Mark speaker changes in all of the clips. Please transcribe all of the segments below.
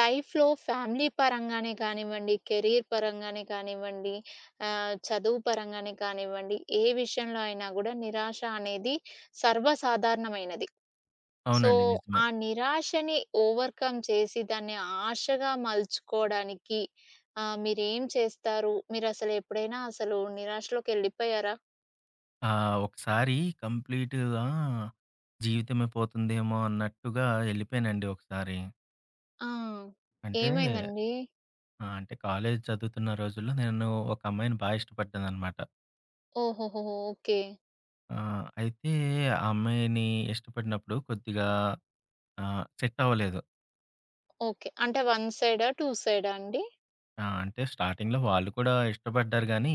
Speaker 1: లైఫ్‌లో ఫ్యామిలీ పరంగానే కానివ్వండి, కెరియర్ పరంగానే కానివ్వండి, ఆహ్, చదువు పరంగానే కానివ్వండి, ఏ విషయంలో అయినా గుడా నిరాశ అనేది సర్వసాధారణమైనది. సో,
Speaker 2: అవునండి. నిజమే.
Speaker 1: ఆ నిరాశని ఓవర్కమ్ చేసి దాన్ని ఆశగా మల్చుకోవడానికి ఆహ్, మీరేం చేస్తారు? మీరసలు ఎప్పుడైనా అసలు నిరాశలోకెళ్ళిపోయారా?
Speaker 2: ఆ! ఒకసారి కంప్లీటుగా, జీవితమే పోతుందేమో అన్నట్టుగా ఎళ్ళిపోయానండి ఒకసారి.
Speaker 1: ఆ!
Speaker 2: అంటే
Speaker 1: ఏమైందండి?
Speaker 2: ఆ! అంటే, కాలేజ్ చదువుతున్న రోజుల్లో నేను ఒక అమ్మాయిని బాగా ఇష్టపడ్డానన్నమాట.
Speaker 1: ఓహోహోహో! ఓకే.
Speaker 2: ఆ! అయితే ఆ అమ్మాయిని ఇష్టపడినప్పుడు కొద్దిగా ఆహ్, సెట్టవ్వలేదు.
Speaker 1: ఓకే. అంటే వన్ సైడా? 2 సైడా అండి?
Speaker 2: ఆ! అంటే స్టార్టింగ్‌లో వాళ్ళు కూడా ఇష్టపడ్డారు గానీ,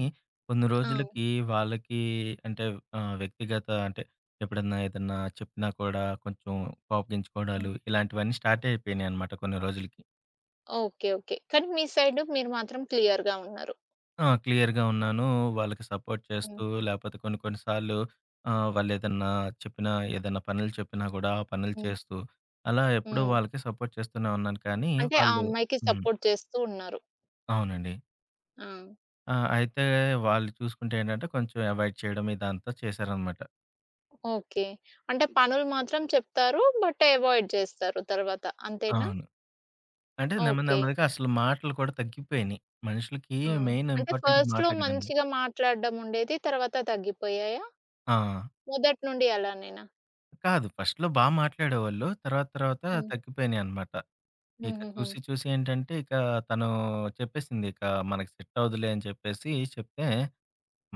Speaker 2: కొన్ని
Speaker 1: ఆ!
Speaker 2: రోజులకి వాళ్ళకి అంటే ఆహ్, వ్యక్తిగత అంటే ఎప్పుడన్నా ఏదన్నా చెప్పినా కూడా, కొంచెం
Speaker 1: హ్మ్.
Speaker 2: కోపగించుకోవడాలు ఇలాంటివన్నీ స్టార్ట్ అయిపోయినాయన్నమాట కొన్ని రోజులకి.
Speaker 1: ఓకే. ఓకే. కానీ మీ సైడు మీరు మాత్రం క్లియర్‌గా ఉన్నారు.
Speaker 2: ఆ! క్లియర్‌గా ఉన్నాను. వాళ్ళకి సపోర్ట్
Speaker 1: హ్మ్.
Speaker 2: చేస్తూ లేకపోతే కొన్ని కొన్ని సార్లు ఆహ్, వాళ్లేదన్నా చెప్పినా, ఏదన్నా పనులు చెప్పినా గూడా ఆ పనులు
Speaker 1: హ్మ్.
Speaker 2: చేస్తూ అలా ఎప్పుడూ
Speaker 1: హ్మ్.
Speaker 2: వాళ్ళకి సపోర్ట్ చేస్తూనే ఉన్నాను కానీ
Speaker 1: అంటే ఆ
Speaker 2: వాళ్ళు
Speaker 1: అమ్మాయికి
Speaker 2: హ్మ్.
Speaker 1: సపోర్ట్ చేస్తూ ఉన్నారు.
Speaker 2: అవునండి.
Speaker 1: ఆ!
Speaker 2: ఆ! అయితే వాళ్ళు చూసుకుంటే ఏంటంటే కొంచెం అవాయిడ్ చేయడం ఇదంతా చేశారనమాట.
Speaker 1: ఓకే. అంటే పనులు మాత్రం చెప్తారు. బట్ అవాయిడ్ చేస్తారు తరువాత. అంతేనా?
Speaker 2: అవును. అంటే నెమ్మది
Speaker 1: ఓకే.
Speaker 2: నెమ్మదిగా అసలు మాటలు కూడా తగ్గిపోయినాయి. మనుషులకి
Speaker 1: ఆ!
Speaker 2: మెయిన్
Speaker 1: అంటే
Speaker 2: ఇంపార్టెంట్
Speaker 1: ఫస్ట్‌లో
Speaker 2: మాటలే కదండీ!
Speaker 1: మంచిగా మాట్లాడడం ఉండేది. తరువాత తగ్గిపోయాయా?
Speaker 2: ఆ!
Speaker 1: మొదటి నుండి అలానేనా?
Speaker 2: కాదు. ఫస్ట్‌లో బా మాట్లాడేవాళ్ళు. తర్వాత తర్వాత
Speaker 1: హ్మ్.
Speaker 2: తగ్గిపోయినియన్నమాట. ఇక
Speaker 1: హుహుహు.
Speaker 2: చూసి చూసి ఏంటంటే ఇక తను చెప్పేసిందిక. మనకు సెట్ అవ్వదులే అని చెప్పేసి చెప్తే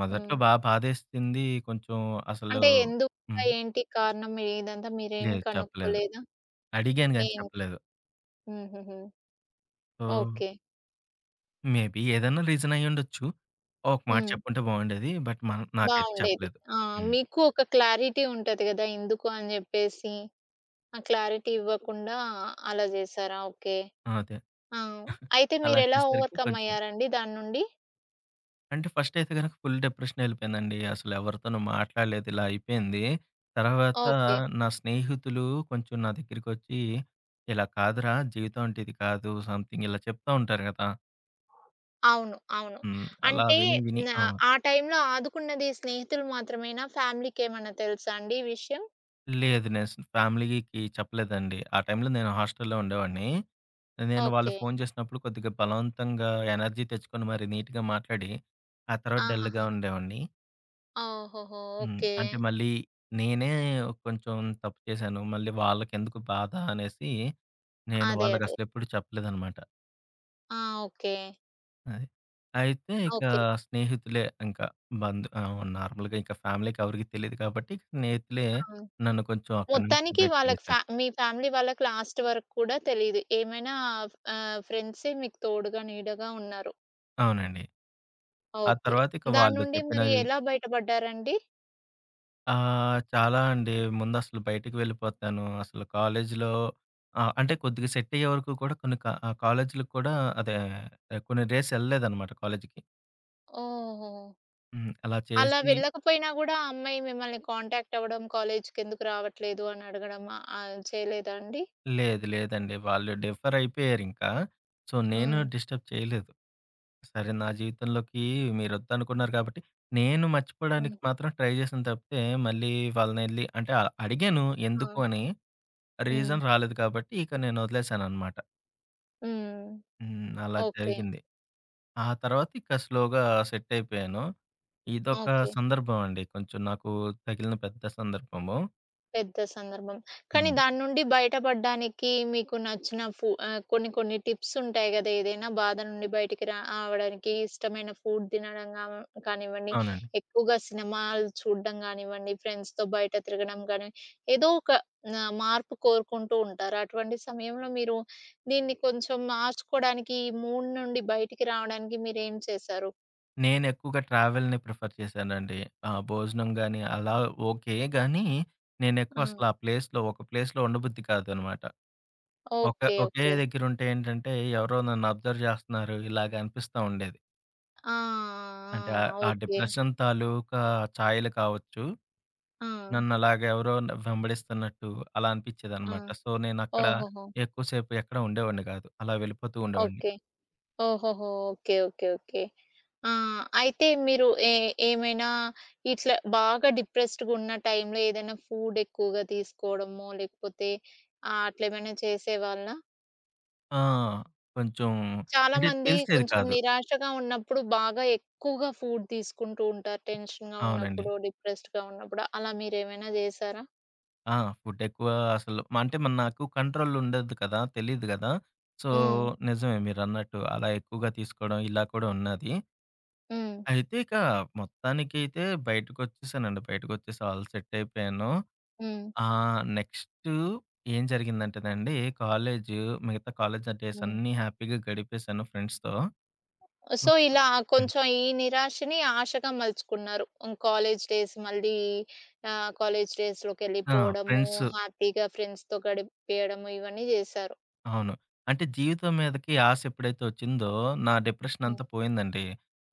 Speaker 2: మొదట్లో
Speaker 1: హ్మ్.
Speaker 2: బా బాదేసింది. కొంచెం అసలు
Speaker 1: అంటే ఎందుకు
Speaker 2: హ్మ్.
Speaker 1: ఏంటి కారణం ఇదంతా మీరేం
Speaker 2: లేదు. చెప్పలేదు.
Speaker 1: కనుక్కోలేదా?
Speaker 2: అడిగాను గాని
Speaker 1: ఏం
Speaker 2: చెప్పలేదు.
Speaker 1: హుహుహు.
Speaker 2: ఓహ్!
Speaker 1: ఓకే.
Speaker 2: మేబి ఏదైనా రీజనయ్యుండొచ్చు. ఒక మాట
Speaker 1: హ్మ్.
Speaker 2: చెప్పుంటే బావుండేది. బట్, మ నాకైతే
Speaker 1: బావుండేది.
Speaker 2: చెప్పలేదు.
Speaker 1: ఆ!
Speaker 2: హ్మ్.
Speaker 1: మీకు ఒక క్లారిటీ ఉంటది కదా‍! ఎందుకు అని చెప్పేసి, ఆ క్లారిటీ ఇవ్వకుండా అలా జేసారా? ఓకే.
Speaker 2: ఆ! అదే.
Speaker 1: ఆ! అయితే
Speaker 2: అలా
Speaker 1: మీరు ఎలా
Speaker 2: చేసేసరికి
Speaker 1: ఓవర్‌కమ్
Speaker 2: కొంచెం.
Speaker 1: అయ్యారండి దాన్నుండి.
Speaker 2: అంటే, ఫస్ట్ అయితే గనుక ఫుల్ డిప్రెషనెళ్లిపోయానండి. అసలు ఎవరితోనూ మాట్లాడలేదు ఇలా అయిపోయింది. తర్వాత
Speaker 1: ఓకే.
Speaker 2: నా స్నేహితులు కొంచెం నా దగ్గరికొచ్చి, ఇలా కాదురా జీవితం, అంటే ఇది కాదు సమ్‌థింగ్ ఇలా చెప్తా ఉంటారు కదా.
Speaker 1: అవును. అవును.
Speaker 2: హ్మ్. అలా
Speaker 1: అంటే
Speaker 2: విని, విని
Speaker 1: నా
Speaker 2: ఆ!
Speaker 1: ఆ టైంలో ఆదుకున్నది స్నేహితులు మాత్రమేనా ఫ్యామిలీకేమన్నా తెలుసాండి ఈ విషయం?
Speaker 2: లేదు. నేను అస్ ఫ్యామిలీకి చెప్పలేదండి. ఆ టైంలో నేను హాస్ట‌లులో ఉండేవాడిని. నేను వాళ్ళు
Speaker 1: ఓకే.
Speaker 2: ఫోను చేసినప్పుడు, కొద్దిగా బలవంతంగా ఎనర్జీ తెచ్చుకొని మరి నీట్‌గా మాట్లాడి, ఆ తర్వాత డల్‌గా
Speaker 1: ఆహాహా!
Speaker 2: ఉండేవాడిని.
Speaker 1: ఓహూహూ!
Speaker 2: హ్మ్.
Speaker 1: ఓకే.
Speaker 2: అంటే మళ్ళీ నేనే కొంచెం తప్పు చేశాను. మళ్ళీ వాళ్ళకెందుకు బాధ అనేసి, నేను
Speaker 1: అదే.
Speaker 2: వాళ్ళకి
Speaker 1: అదే.
Speaker 2: అసలు ఎప్పుడు చెప్పలేదన్నమాట.
Speaker 1: ఆ! ఓకే.
Speaker 2: అయ్ అయితే ఇక
Speaker 1: ఓకే.
Speaker 2: స్నేహితులే ఇంకా బంధు ఆహ్, నార్మల్‌గా ఇంకా ఫ్యామిలీకి ఎవరికీ తెలీదు కాబట్టి, స్నేహితులే
Speaker 1: అవును.
Speaker 2: నన్ను కొంచెం అక్కడి నుంచి
Speaker 1: మొత్తానికి వాళ్ళకి ఫ
Speaker 2: బయటపడేసారు.
Speaker 1: మీ ఫ్యామిలీ వాళ్ళకి లాస్ట్ వరకు కూడా తెలీదు. ఏమైనా ఆహ్, ఆహ్, ఫ్రెండ్సే మీకు తోడుగా, నీడగా ఉన్నారు.
Speaker 2: అవునండి. ఆ
Speaker 1: ఓకే.
Speaker 2: తరువాత ఇక వాళ్ళు
Speaker 1: దాన్నుండి మరి
Speaker 2: చెప్పినవి
Speaker 1: ఎలా బయటపడ్డారండి?
Speaker 2: ఆ! చాలా అండి. ముందసలు బయటికి వెళ్ళిపోతాను. అసలు కాలేజీలో ఆహ్, అంటే కొద్దిగా సెట్ అయ్యేవరకు కూడా కొన్ని క ఆహ్, కాలేజీలకి కూడా అదే కొన్ని డేస్ ఎళ్ళలేదన్నమాట కాలేజికి.
Speaker 1: ఓహోహో!
Speaker 2: హ్మ్. అలా
Speaker 1: అలా
Speaker 2: చేసి
Speaker 1: వెళ్ళకపోయినా గూడా ఆ అమ్మాయి మిమ్మల్ని కాంటాక్ట్ అవ్వడం, కాలేజ్‌‌కెందుకు రావట్లేదు? అని అడగడం ఆహ్, చేయలేదా అండి?
Speaker 2: లేదు. లేదండి. వాళ్ళు డిఫర్ అయిపోయారింకా. సో, నేను
Speaker 1: హ్మ్.
Speaker 2: డిస్టర్బ్ చేయలేదు. సరే! నా జీవితంలోకి మీరొద్దనుకున్నారు కాబట్టి, నేను
Speaker 1: హ్మ్.
Speaker 2: మర్చిపోవడానికి మాత్రం ట్రై చేశాను తప్పితే, మళ్ళీ వాళ్ళనెళ్లి అంటే అడిగాను
Speaker 1: ఆ!
Speaker 2: ఎందుకు అని.
Speaker 1: హ్మ్.
Speaker 2: రీజన్ రాలేదు కాబట్టి ఇక నేనొదిలేసాననమాట.
Speaker 1: హ్మ్.
Speaker 2: హ్మ్. అలా
Speaker 1: ఓకే.
Speaker 2: జరిగింది. ఆ తర్వాతిక స్లోగా సెట్ అయిపోయాను. ఇదొక
Speaker 1: ఓకే.
Speaker 2: సందర్భం అండి. కొంచెం నాకు తగిలిన పెద్ద సందర్భము.
Speaker 1: పెద్ద సందర్భం. కానీ,
Speaker 2: హ్మ్.
Speaker 1: దాని నుండి బయట పడ్డానికి, మీకు నచ్చిన ఫు ఆహ్, కొన్ని, కొన్ని టిప్స్ ఉంటాయి గదా, ఏదైనా బాధ నుండి బయటికి రావడానికి ఇష్టమైన ఫుడ్ తినడం గా కానివ్వండి,
Speaker 2: అవునండి.
Speaker 1: ఎక్కువగా సినిమాలు చూడడం గానివ్వండి ఫ్రెండ్స్‌‌తో బయట తిరగడం గాని, ఏదో ఒక న మార్పు కోరుకుంటూ ఉంటారు అటువంటి సమయంలో మీరు దీన్ని కొంచెం మార్చుకోవడానికి, ఈ మూడ్ నుండి బయటికి రావడానికి మీరు ఏం చేసారు?
Speaker 2: నేనెక్కువగా ట్రావెల్‌ని ప్రిఫర్ చేశానండి. ఆ భోజనం గాని, అలా ఓకే గాని, నేను ఎక్కువసల
Speaker 1: హ్మ్.
Speaker 2: ఆ ప్లే‌స్‌లో ఒక ప్లేస్‌లో ఉండబుద్ధి కాదన్నమాట. ఒక
Speaker 1: ఓకే.
Speaker 2: ఒకే
Speaker 1: ఓకే.
Speaker 2: దగ్గరుంటే ఏంటంటే, ఎవరో నన్ను అబ్జర్వ్ జేస్తున్నారు ఇలాగ అనిపిస్తా ఉండేది.
Speaker 1: ఆ!
Speaker 2: అంటే ఆహ్,
Speaker 1: ఆ! ఆ!
Speaker 2: ఆ
Speaker 1: ఓకే.
Speaker 2: డిప్రెషన్ తాలూకా ఛాయలు కావచ్చు.
Speaker 1: ఆ!
Speaker 2: నన్నలాగా ఎవరో వెంబడిస్తున్నట్టు అలా
Speaker 1: ఆ!
Speaker 2: అనిపిచ్చేదనమాట. సొ, నేనక్కడ
Speaker 1: ఓహోహో!
Speaker 2: ఎక్కువ సేపు ఎక్కడ ఉండేవాడిని గాదు. అలా వెళ్ళిపోతూ ఉండేవాడిని.
Speaker 1: ఓకే. ఓహోహో! ఓకే. ఓకే. ఓకే. ఆ! అయితే మీరు ఎ ఏమైనా ఇట్లా బాగా డిప్రెస్డ్‌గా ఉన్న టైంలో ఏదైనా ఫుడ్ ఎక్కువగా తీసుకోవడమో, లేకపోతే ఆహ్, అట్లా ఏమైనా చేసేవాళ్ళా?
Speaker 2: ఆ! కొంచెం
Speaker 1: చాలా
Speaker 2: అంటే
Speaker 1: మంది
Speaker 2: తెలిసేది
Speaker 1: కొంచెం
Speaker 2: కాదు.
Speaker 1: నిరాశగా ఉన్నప్పుడు బాగా ఎక్కువగా ఫుడ్ తీసుకుంటూ ఉంటారు. టెన్షన్‌గా
Speaker 2: అవునండి.
Speaker 1: ఉన్నప్పుడు డిప్రెస్డ్‌గా ఉన్నప్పుడు అలా మీరేమైనా జేసారా?
Speaker 2: ఆ! ఫుడ్ ఎక్కువ అసలు అంటే నాకు కంట్రోల్ ఉండదు కదా! తెలీదు గదా! సో,
Speaker 1: హ్మ్.
Speaker 2: నిజమే మీరన్నట్టు అలా ఎక్కువగా తీసుకోవడం ఇలా కూడా ఉన్నాది.
Speaker 1: హ్మ్.
Speaker 2: అయితే ఇక మొత్తానికి అయితే బయటకొచ్చేసానండి. బయటకొచ్చేసి ఆల్ సెట్ అయిపోయాను.
Speaker 1: హ్మ్.
Speaker 2: ఆహ్, నెక్స్టు ఏం జరిగిందంటేనండి, కాలేజు మిగతా కాలేజ్ డేస్
Speaker 1: హ్మ్.
Speaker 2: అన్నీ హ్యాపీగా గడిపేసాను ఫ్రెండ్స్‌తో.
Speaker 1: సో,
Speaker 2: మొత్తం.
Speaker 1: ఇలా
Speaker 2: హ్మ్.
Speaker 1: కొంచెం ఈ నిరాశని ఆశగా మలుచుకున్నారు. హ్మ్. కాలేజ్ డేస్ మళ్ళీ ఆహ్, కాలేజ్
Speaker 2: ఆ!
Speaker 1: డేస్‌లోకెళ్ళిపోవడము,
Speaker 2: ఫ్రెండ్సు
Speaker 1: హ్యాపీగా ఫ్రెండ్స్‌తో గడిపియడము ఇవన్నీ చేశారు.
Speaker 2: అవును. అంటే జీవితం మీదకి ఆశ ఎప్పుడైతే ఒచ్చిందో, నా డిప్రెషన్
Speaker 1: హ్మ్.
Speaker 2: అంతా పోయిందండి.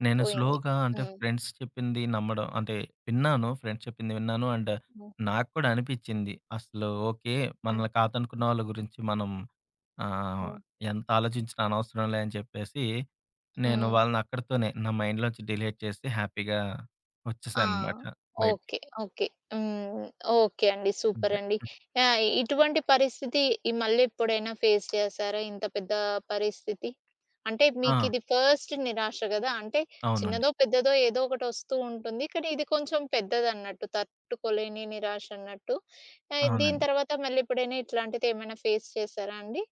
Speaker 2: నేను
Speaker 1: పోయింది.
Speaker 2: స్లోగా అంటే
Speaker 1: హ్మ్.
Speaker 2: ఫ్రెండ్స్ చెప్పింది నమ్మడం అంటే, విన్నాను. ఫ్రెండ్స్ చెప్పింది విన్నాను. అండ్
Speaker 1: హ్మ్.
Speaker 2: నాకు కూడా అనిపిచింది అసలు ఓకే.
Speaker 1: హ్మ్.
Speaker 2: మనల్ని కాదనుకున్న వాళ్ళ గురించి మనం ఆహ్,
Speaker 1: హ్మ్.
Speaker 2: ఎంత ఆలోచించిన అనవసరంలే అని చెప్పేసి, నేను
Speaker 1: హ్మ్.
Speaker 2: వాళ్ళనక్కడితోనే నా మైండ్‌లో నుంచి డిలీట్ చేసి హ్యాపీగా
Speaker 1: ఆ!
Speaker 2: ఒచ్చేసాననమాట బయటికి.
Speaker 1: ఓకే. ఓకే. హ్మ్. ఓకే అండి.
Speaker 2: అంతే.
Speaker 1: సూపరండి! ఆహ్, ఇటువంటి పరిస్థితి ఇ మళ్ళీ ఎప్పుడైనా ఫేస్ చేసారా? ఇంత పెద్ద పరిస్థితి? అంటే మీకు
Speaker 2: ఆ!
Speaker 1: ఇది ఫస్ట్ నిరాశ కదా! అంటే
Speaker 2: అవునండి.
Speaker 1: చిన్నదో, పెద్దదో ఏదోకటొస్తూ ఉంటుంది కానీ, ఇది కొంచెం పెద్దదన్నట్టు తట్టుకోలేని నిరాశన్నట్టు. ఆహ్, దీని
Speaker 2: అవునండి.
Speaker 1: తర్వాత మళ్ళీ ఎప్పుడైనా ఇట్లాంటివేమైనా ఫేస్ చేసారా అండి?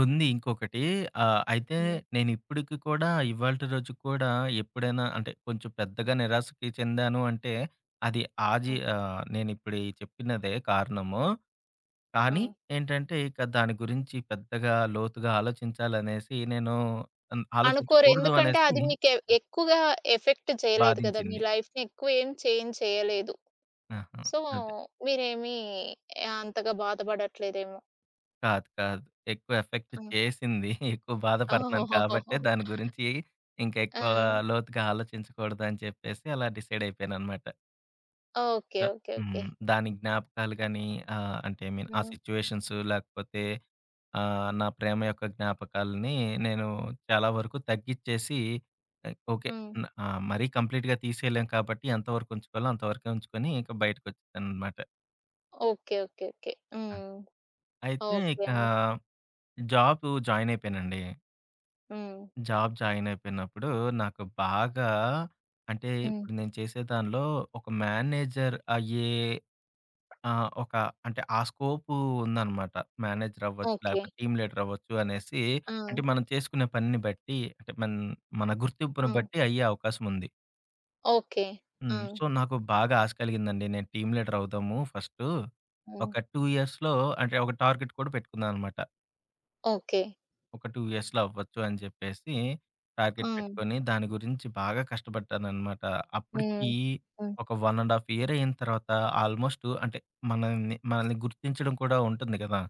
Speaker 2: ఉంది ఇంకొకటి. ఆహ్, అయితే
Speaker 1: హ్మ్.
Speaker 2: నేనిప్పుడికి కూడా ఇవాల్టి రోజుకి కూడా ఎప్పుడైనా అంటే కొంచెం పెద్దగా నిరాశకి చెందాను అంటే అది ఆ జీ
Speaker 1: హ్మ్.
Speaker 2: ఆహ్, నేనిప్పుడు ఈ చెప్పినదే కారణము. కానీ
Speaker 1: ఆ!
Speaker 2: ఏంటంటే, ఇక దాని గురించి పెద్దగా, లోతుగా ఆలోచించాలనేసి నేను అన్
Speaker 1: అనుకోరు.
Speaker 2: ఆలోచించకూడదు
Speaker 1: ఎందుకంటే,
Speaker 2: అనేసి
Speaker 1: అది మీకు ఎక్కువగా ఎఫెక్ట్ చేయలేదు గదా! మీ
Speaker 2: బాధించింది.
Speaker 1: లైఫ్‌ని ఎక్కువ ఏం చేంజ్ చేయలేదు.
Speaker 2: ఆహా!
Speaker 1: సో
Speaker 2: అదే.
Speaker 1: మీరేమి అంతగా బాధ పడట్లేదేమో!
Speaker 2: కాదు. కాదు. ఎక్కువ ఎఫెక్ట్
Speaker 1: హ్మ్.
Speaker 2: చేసింది. ఎక్కువ బాధపడుతున్నాను కాబట్టే దాని గురించి ఇంకా ఎక్కువ
Speaker 1: ఆ!
Speaker 2: లోతుగా ఆలోచించకూడదని చెప్పేసి అలా డిసైడ్ అయిపోయానన్నమాట.
Speaker 1: ఓకే.
Speaker 2: క
Speaker 1: ఓకే. ఓకే.
Speaker 2: హ్మ్. దాని జ్ఞాపకాలు గానీ ఆహ్, అంటే ఐ మీన్ ఆ
Speaker 1: హ్మ్.
Speaker 2: సిట్యుయేషన్సు లేకపోతే ఆహ్, నా ప్రేమ యొక్క జ్ఞాపకాల్ని నేను చాలా వరకు తగ్గిచ్చేసి ఓకే.
Speaker 1: హ్మ్.
Speaker 2: ఆహ్, మరీ కంప్లీట్‌గా తీసేయలేం కాబట్టి ఎంతవరకు ఉంచుకోవాలో అంతవరకే ఉంచుకొని ఇంకా బయటకొచ్చేసానన్నమాట.
Speaker 1: ఓకే. ఓకే. ఓకే.
Speaker 2: ఆ!
Speaker 1: హ్మ్.
Speaker 2: అయితే
Speaker 1: ఓకే
Speaker 2: ఇకా
Speaker 1: అండి.
Speaker 2: జాబు జాయినయిపోయానండి.
Speaker 1: హ్మ్.
Speaker 2: జాబ్ జాయినయిపోయినప్పుడు నాకు బాగా అంటే
Speaker 1: హ్మ్.
Speaker 2: ఇప్పుడు నేను చేసే దానిలో ఒక మేనేజర్ అయ్యే ఆహ్, ఒక అంటే ఆ స్కోపు ఉందన్నమాట. మేనేజర్ అవ్వచ్చు.
Speaker 1: ఓకే.
Speaker 2: లేకపోతే, టీమ్ లీడర్ అవ్వొచ్చు అనేసి, అంటే
Speaker 1: ఆ!
Speaker 2: మనం చేసుకునే పనిని బట్టి అంటే మన మన
Speaker 1: ఆ!
Speaker 2: గుర్తింపును బట్టి అయ్యే అవకాశముంది.
Speaker 1: ఓకే.
Speaker 2: హ్మ్.
Speaker 1: ఆ!
Speaker 2: సో, నాకు బాగా ఆశ కలిగిందండి. నేను టీమ్ లీడర్ అవుదాము ఫస్టు,
Speaker 1: హ్మ్.
Speaker 2: ఒక 2 ఇయర్స్‌లో అంటే ఒక టార్గెట్ కూడా పెట్టుకున్నానన్నమాట.
Speaker 1: ఓకే.
Speaker 2: ఒక 2 ఇయర్స్‌లో అవ్వచ్చు అని జెప్పేసి, టార్గెట్
Speaker 1: ఆ!
Speaker 2: పెట్టుకొని, దాని గురించి బాగా కష్టపడ్డానన్నమాట. అప్పుడికి
Speaker 1: హ్మ్. హ్మ్.
Speaker 2: ఒక 1 ½ ఇయర్ అయిన తర్వాత ఆల్‌మొ‌స్టు అంటే మనల్ని మనల్ని గుర్తించడం కూడా ఉంటుంది గదా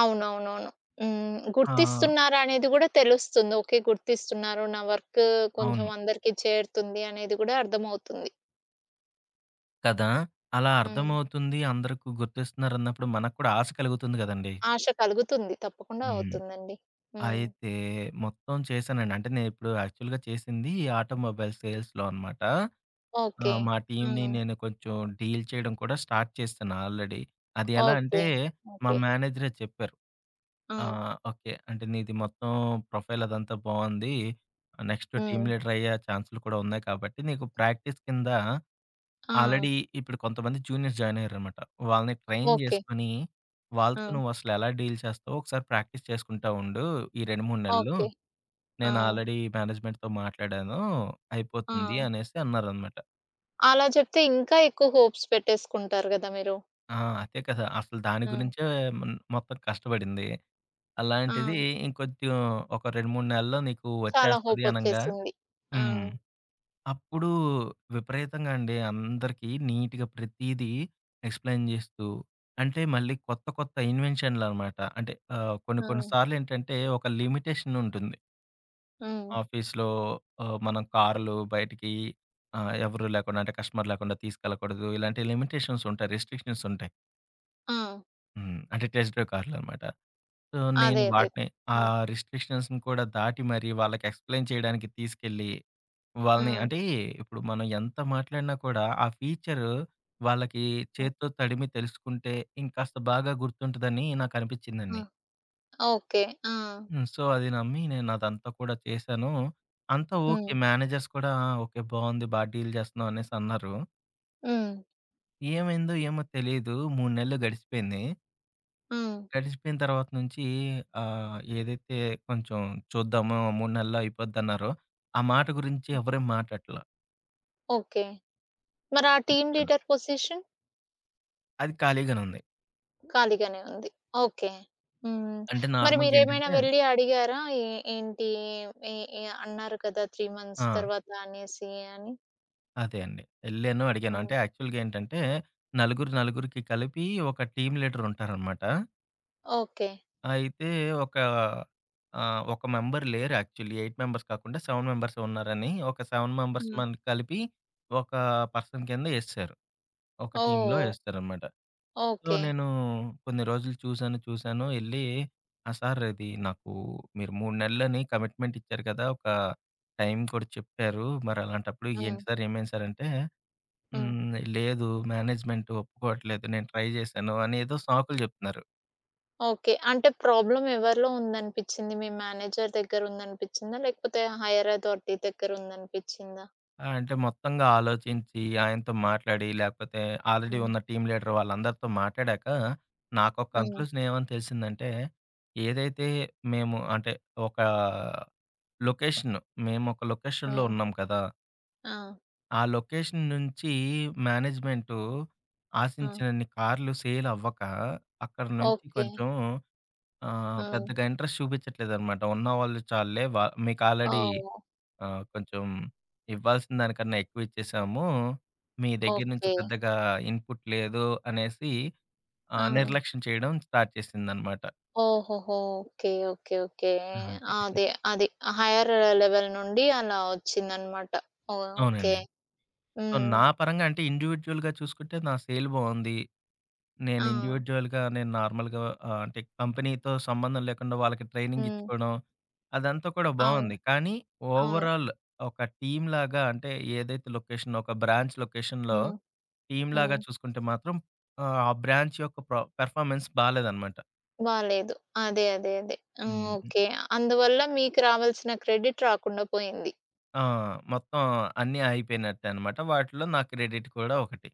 Speaker 1: అవునవునవును. హ్మ్.
Speaker 2: ఆ!
Speaker 1: గుర్తిస్తున్నారనేది గూడా తెలుస్తుంది. ఓకే గుర్తిస్తున్నారు, నా వర్కు కొంచెం
Speaker 2: అవును.
Speaker 1: అందరికి చేరుతుంది అనేది గూడా అర్థమవుతుంది.
Speaker 2: కదా! అలా
Speaker 1: హ్మ్.
Speaker 2: అర్థమవుతుంది అందరికి గుర్తిస్తున్నారన్నప్పుడు, మనకు కూడా ఆశ కలుగుతుంది గదండీ!
Speaker 1: ఆశ కలుగుతుంది. తప్పకుండా
Speaker 2: హ్మ్.
Speaker 1: అవుతుందండి. హ్మ్.
Speaker 2: అయితే మొత్తం చేశానండి. అంటే, నేనిప్పుడు యాక్చువల్‌గా చేసింది ఈ ఆటోమొబైల్ సేల్స్‌లో అనమాట. ఆ!
Speaker 1: ఓకే.
Speaker 2: మా టీమ్‌ని
Speaker 1: హ్మ్.
Speaker 2: నేను కొంచెం, డీల్ చేయడం కూడా స్టార్ట్ చేశాను ఆల్రెడీ. అది ఎలా అంటే,
Speaker 1: ఓకే.
Speaker 2: మా
Speaker 1: ఓకే.
Speaker 2: మేనేజరే చెప్పారు. ఆ!
Speaker 1: ఆ!
Speaker 2: ఓకే. "అంటే నీది మొత్తం ప్రొఫైల్ అదంతా బావుంది. నెక్స్ట్ టీమ్
Speaker 1: హ్మ్.
Speaker 2: లీడర్ అయ్యే ఛాన్సులు కూడా ఉన్నాయి కాబట్టి, నీకు ప్రాక్టీస్ కింద"
Speaker 1: ఆ!
Speaker 2: ఆల్రెడీ ఇప్పుడు కొంతమంది జూనియర్స్ జాయినయ్యారనమాట. "వాళ్ళని ట్రైన్
Speaker 1: ఓకే.
Speaker 2: జేసుకొని, వాళ్ళతో
Speaker 1: ఆ!
Speaker 2: నువ్వు అసలెలా డీల్ చేస్తావో ఒకసారి ప్రాక్టీస్ చేసుకుంటా ఉండు ఈ 2, 3 నెలలు.
Speaker 1: ఓకే.
Speaker 2: నేను
Speaker 1: ఆ!
Speaker 2: ఆల్రెడీ మేనేజ్మెంట్‌తో మాట్లాడాను
Speaker 1: ఆ!
Speaker 2: అయిపోతుంది," అనేసి అన్నారన్నమాట.
Speaker 1: అలా చెప్తే ఇంకా ఎక్కువ హోప్స్ పెట్టేసుకుంటారు గదా మీరు!
Speaker 2: ఆ! అదే కదా! అసలు దాని
Speaker 1: హ్మ్.
Speaker 2: గురించే హ్మ్, మొత్తం కష్టపడింది. అలాంటిది
Speaker 1: ఆ!
Speaker 2: ఇంకొంచెం ఒక 2, 3 నెలల్లో నీకు
Speaker 1: చాలా
Speaker 2: వచ్చేస్తది అనంగా
Speaker 1: హోపొచ్చేసింది. ఆ!
Speaker 2: హ్మ్. అప్పుడు విపరీతంగా అండి అందరికీ నీట్‌‌గా ప్రతీదీ ఎక్స్‌ప్లె‌యిన్ జేస్తూ అంటే మళ్ళీ కొత్త, కొత్త ఇన్వెన్షన్‌లనమాట అంటే ఆహ్, కొన్ని, కొన్ని
Speaker 1: ఆ!
Speaker 2: సార్లేంటంటే ఒక లిమిటేషనుంటుంది.
Speaker 1: హ్మ్.
Speaker 2: ఆఫీసు‌లో ఆహ్, మనం కారు‌లో బయటికి ఆహ్, ఎవరు లేకుండా, అంటే కస్టమర్ లేకుండా తీసుకెళ్లకూడదు. ఇలాంటి లిమిటేషన్సుంటాయి. రిస్ట్రిక్షన్స్‌ ఉంటాయి.
Speaker 1: ఆ!
Speaker 2: హ్మ్. అంటే టెస్ట్ డ్రైవ్ కార్లన్నమాట. సో,
Speaker 1: అదే.
Speaker 2: నేను
Speaker 1: అదే.
Speaker 2: వాటిని ఆ
Speaker 1: హ్మ్.
Speaker 2: రిస్ట్రిక్షన్స్‌ని కూడా దాటి మరి వాళ్ళకి ఎక్స్‌ప్లేయిన్ చేయడానికి తీసుకెళ్ళి, వాళ్ళని
Speaker 1: ఆ!
Speaker 2: అంటే ఇప్పుడు మనం ఎంత మాట్లాడినా కూడా, ఆ ఫీచరు వాళ్ళకి
Speaker 1: ఆ!
Speaker 2: చేత్తో తడిమి తెలుసుకుంటే, ఇంకాస్త బాగా గుర్తుంటుందని
Speaker 1: ఆ!
Speaker 2: నాకనిపిచ్చిందండి.
Speaker 1: ఓకే. ఆ!
Speaker 2: హ్మ్. సో, అది నమ్మి నేనదంతా కూడా చేశాను. అంతా ఓకే.
Speaker 1: హ్మ్.
Speaker 2: మేనేజర్స్ కూడా ఓకే బావుంది. బాగా డీల్ చేస్తున్నాం అనేసన్నారు.
Speaker 1: హ్మ్.
Speaker 2: ఏమైందో! ఏమో! తెలీదు. 3 నెలలు గడిసిపోయింది.
Speaker 1: హ్మ్.
Speaker 2: గడిచిపోయిన తర్వాత నుంచి ఆహ్, ఏదైతే కొంచెం చూద్దాము 3 నెలల్లో అయిపోద్దన్నారో ఆ మాట గురించి
Speaker 1: హ్మ్.
Speaker 2: ఎవరు మాట్లాడట్ల.
Speaker 1: ఓకే. మరి ఆ టీమ్
Speaker 2: చూశాను.
Speaker 1: Leader position?
Speaker 2: అది ఖాళీగానే ఉంది.
Speaker 1: ఖాళీగానే ఉంది. ఓకే. హ్మ్.
Speaker 2: అంటే
Speaker 1: మరి
Speaker 2: నార్మల్‌గా ఏంటంటే
Speaker 1: మీరేమైనా వెళ్లి అడిగారా? ఎ ఏంటి ఇ ఇ అన్నారు కదా 3 మంత్స్
Speaker 2: ఆ!
Speaker 1: తరువాత అనేసి అని?
Speaker 2: అదే అండి. యేళ్ళాను అడిగాను.
Speaker 1: హ్మ్.
Speaker 2: అంటే యాక్చువల్‌గా ఏంటంటే నలుగురు, నలుగురికి కలిపి ఒక టీమ్ లీడరుంటారన్నమాట.
Speaker 1: ఓకే.
Speaker 2: అయితే! ఒక ఆహ్, ఒక మెంబర్ లేరు యాక్చువల్లీ, 8 మెంబర్స్ కాకుండా 7 మెంబర్స్ ఉన్నారని ఒక 7 మెంబెర్స్
Speaker 1: హ్మ్.
Speaker 2: మన కలిపి ఒక పర్సన్ కింద ఎసేసారు. ఒక టీమ్‌లో
Speaker 1: ఓహ్!
Speaker 2: ఎసారనమాట.
Speaker 1: ఓహ్!
Speaker 2: So,
Speaker 1: okay.
Speaker 2: నేను కొన్ని రోజులు చూసాను, చూసాను, ఎళ్ళి "ఆహ్, సార్ ఇది నాకు మీరు 3 నెలలని కమిట్మెంట్ ఇచ్చారు గదా! ఒక టైం కూడా చెప్పారు. మరలాంటప్పుడు ఏంటి
Speaker 1: హ్మ్.
Speaker 2: సార్? ఏమైంది సార్?" అంటే.
Speaker 1: హ్మ్.
Speaker 2: హ్మ్, "లేదు, మేనేజ్మెంట్ ఒప్పుకోవట్లేదు. నేను ట్రై జేశాను" అని ఏదో సాకులు జెప్తున్నారు.
Speaker 1: ఓకే. అంటే ప్రాబ్లమ్ ఎవరిలో ఉంది అనిపిచ్చింది? మీ మేనేజర్ దగ్గర ఉందనిపిచ్చిందా లేకపోతే హైయర్ అథారిటీ దగ్గర ఉందనిపిచ్చిందా?
Speaker 2: ఆ! అంటే మొత్తంగా అలోచించి, ఆయనతో మాట్లాడి, లేపోతే ఆల్రెడీ
Speaker 1: హ్మ్.
Speaker 2: ఉన్న టీమ్ లీడర్ వాళ్ళందరితో మాట్లాడాక, నాకోక
Speaker 1: హ్మ్.
Speaker 2: కంక్లూజన్ ఏమని తెలిసిందంటే, ఏదైతే మేము, అంటే ఒక లొకేషన్ మేముక లొకేషన్‌లో
Speaker 1: హ్మ్.
Speaker 2: ఉన్నాం కదా!
Speaker 1: ఆ!
Speaker 2: ఆ లొకేషన్ నుంచి, మేనేజ్మెంటు
Speaker 1: ఆ!
Speaker 2: ఆశించినన్ని కార్లు సేల్ అవ్వక, అక్కడి నుంచి
Speaker 1: ఓకే.
Speaker 2: కొంచెం ఆహ్‌,
Speaker 1: హ్మ్.
Speaker 2: పెద్దగా ఇంట్రెస్ట్ చూపిచ్చట్లేదనమాట ఉన్నవాళ్ళు చాలులే. వ మీకు ఆల్రెడీ
Speaker 1: ఓహ్!
Speaker 2: ఆహ్, కొంచెం ఇవ్వాల్సిన దానికన్నా ఎక్కువిచ్చేసాము, మీ దగ్గర నుంచి
Speaker 1: ఓకే.
Speaker 2: పెద్దగా ఇన్‌పుట్ లేదు అనేసి ఆహ్,
Speaker 1: ఆ!
Speaker 2: నిర్లక్ష్యం చేయడం స్టార్ట్ చేసిందనమాట.
Speaker 1: ఓహోహో! ఓకే. ఓకే. ఓకే.
Speaker 2: ఆ! అంతే.
Speaker 1: ఆ! అదే. అది. ఆ హైయ్యర్ లెవెల్ నుండి అలా వచ్చిందన్నమాట. ఓకే.
Speaker 2: అవునండి. సో,
Speaker 1: హ్మ్.
Speaker 2: నా పరంగా అంటే ఇండివిడ్యుయల్‌గా చూసుకుంటే, నా సేల్ బావుంది. నేను
Speaker 1: ఆ!
Speaker 2: ఇండివిడ్యుయల్‌గా నేను నార్మల్‌గా ఆహ్, అంటే కంపెనీతో సంబంధం లేకుండా వాళ్ళకి ట్రైనింగ్
Speaker 1: హ్మ్.
Speaker 2: ఇచ్చుకోవడం, అదంతా కూడా
Speaker 1: అవును.
Speaker 2: బావుంది. కానీ
Speaker 1: అవును.
Speaker 2: ఓవరాల్ ఒక టీమ్‌లాగా అంటే ఏదైతే లొకేషన్, ఒక బ్రాంచ్ లొకేషన్‌లో
Speaker 1: హ్మ్. హ్మ్.
Speaker 2: టీమ్‌లాగా చూసుకుంటే మాత్రం ఆహ్, ఆ బ్రాంచ్ యొక్క ప్ర పర్‌ఫార్మెన్స్ బాలేదన్నమాట.
Speaker 1: బాలేదు. అదే. అదే. అదే.
Speaker 2: హ్మ్.
Speaker 1: హ్మ్.
Speaker 2: హ్మ్.
Speaker 1: ఓకే. అందువల్ల మీకు రావాల్సిన క్రెడిట్ రాకుండా పోయింది.
Speaker 2: ఆ! మొత్తం అన్నీ ఆగిపోయినట్టే అనమాట. వాటిలో నా క్రెడిట్ కూడా ఒకటి.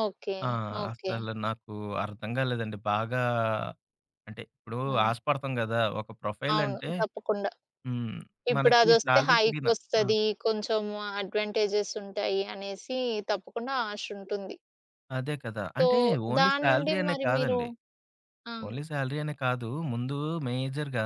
Speaker 1: ఓకే.
Speaker 2: ఆ!
Speaker 1: ఓకే.
Speaker 2: అసలు నాకు అర్థం గాలేదండి. బాగా, అంటే ఇప్పుడు
Speaker 1: హ్మ్.
Speaker 2: ఆశపడతాం గదా! ఒక ప్రొఫైల్
Speaker 1: అవును.
Speaker 2: అంటే
Speaker 1: తప్పకుండా.
Speaker 2: హ్మ్. మనకి
Speaker 1: ఇప్పుడదొస్తే
Speaker 2: సాలరీ పెరిగిన ఆ!
Speaker 1: హైకొస్తది కొంచెం అడ్వాంటేజెస్ ఉంటాయి అనేసి తప్పకుండా ఆశుంటుంది.
Speaker 2: అదే కదా!
Speaker 1: సో
Speaker 2: అంటే ఓన్లీ
Speaker 1: దాన్నుండి
Speaker 2: సాలరీ అనే
Speaker 1: మరి మీరు
Speaker 2: కాదండి.
Speaker 1: ఆ!
Speaker 2: ఓన్లీ సాలరీ అనే కాదు. ముందు మేజర్‌గా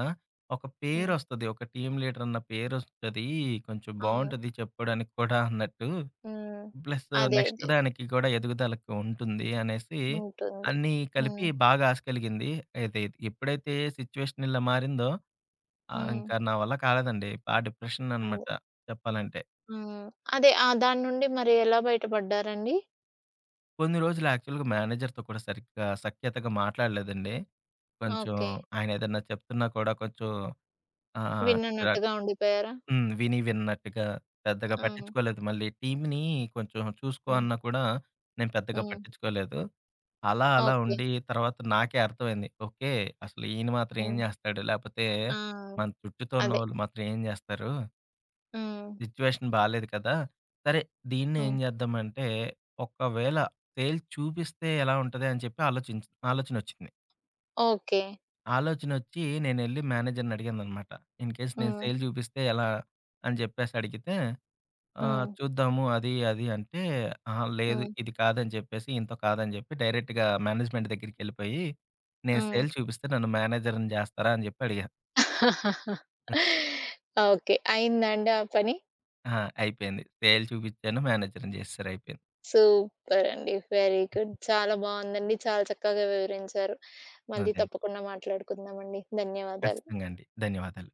Speaker 2: ఒక
Speaker 1: హ్మ్.
Speaker 2: పేరొస్తది. ఒక టీమ్ లీడరన్న పేరొస్తది. కొంచెం
Speaker 1: అవును.
Speaker 2: బావుంటది చెప్పుకోవడానికి కూడా అన్నట్టు.
Speaker 1: హ్మ్.
Speaker 2: ప్లస్సు
Speaker 1: అదే.
Speaker 2: నెక్స్ట్
Speaker 1: అదే.
Speaker 2: దానికి కూడా ఎదుగుదలకి ఉంటుంది అనేసి
Speaker 1: ఉంటుంది.
Speaker 2: అన్నీ కలిపి
Speaker 1: హ్మ్.
Speaker 2: బాగా ఆశ కలిగింది. ఏది ఎప్పుడైతే సిట్యుయేషన్ ఇలా మారిందో ఆహ్,
Speaker 1: హ్మ్.
Speaker 2: ఇంకా నా వల్ల కాలేదండి. బా
Speaker 1: అదే.
Speaker 2: డిప్రెషననమాట చెప్పాలంటే.
Speaker 1: హ్మ్. అదే. ఆ దాన్నుండి మరి ఎలా బయటపడ్డారండి?
Speaker 2: కొన్ని రోజులు యాక్చువల్‌గా మేనేజర్‌తో కూడా సరిగ్గా సఖ్యతగా మాట్లాడలేదండి. కొంచెం
Speaker 1: ఓకే.
Speaker 2: ఆయన ఏదైనా చెప్తున్నా కూడా కొంచెం ఆహ్, చిరాకు
Speaker 1: విననట్టుగా ఉండిపోయారా?
Speaker 2: హ్మ్. విని విన్నట్టుగా పెద్దగా
Speaker 1: హ్మ్.
Speaker 2: పట్టిచ్చుకోలేదు. మళ్ళీ టీమ్‌ని కొంచెం చూసుకో
Speaker 1: హ్మ్.
Speaker 2: అన్నా కూడా, నేను పెద్దగా
Speaker 1: హ్మ్.
Speaker 2: పట్టిచ్చుకోలేదు. అలా అలా
Speaker 1: ఓకే.
Speaker 2: ఉండి తర్వాత నాకే అర్థమైంది. ఓకే. అసలు ఈయన మాత్రం ఏం
Speaker 1: హ్మ్.
Speaker 2: జేస్తాడు? లేపోతే
Speaker 1: ఆ!
Speaker 2: మన చుట్టుతో
Speaker 1: అదే.
Speaker 2: ఉన్నవాళ్ళు మాత్రం ఏం జేస్తారు?
Speaker 1: హ్మ్.
Speaker 2: సిట్యుయేషన్ బాలేదు కదా! సరే దీన్ని ఏం
Speaker 1: హ్మ్.
Speaker 2: చేద్దాం అంటే, ఒకవేళ సేల్స్ చూపిస్తే ఎలా ఉంటది అని చెప్పి ఆలోచించి ఆలోచనొచ్చింది.
Speaker 1: ఓకే.
Speaker 2: ఆలోచనొచ్చి నేనెళ్ళి మేనేజర్‌ని అడిగాననమాట. ఇన్‌‌కేస్ నేను
Speaker 1: హ్మ్.
Speaker 2: సేల్ చూపిస్తే ఎలా? అని జెప్పేసడిగితే ఆహ్,
Speaker 1: హ్మ్.
Speaker 2: చూద్దాము అది, అది అంటే అహా! లేదు
Speaker 1: హ్మ్.
Speaker 2: ఇది కాదని చెప్పేసి ఇయనతో కాదని చెప్పి డైరెక్ట్‌గా మేనేజ్మెంట్ దగ్గరికెళ్ళిపోయి నేను
Speaker 1: హ్మ్.
Speaker 2: సేల్ చూపిస్తే నన్ను మేనేజర్‌ని జేస్తారా అని చెప్పి అడిగా? హ్మ్.
Speaker 1: ఓకే. అయిందాండి ఆ పని?
Speaker 2: ఆ! అయిపోయింది. సేల్ చూపిచ్చాను మేనేజర్‌ని చేసేసారు. అయిపోయింది.
Speaker 1: సూపర్ అండి. Very good. చాలా బావుందండి. చాలా చక్కగా వివరించారు.
Speaker 2: అదే
Speaker 1: మళ్ళి
Speaker 2: అండి.
Speaker 1: తప్పకుండా మాట్లాడుకుందామండి. ధన్యవాదాలు.
Speaker 2: ఖచ్చితంగండి. ధన్యవాదాలు.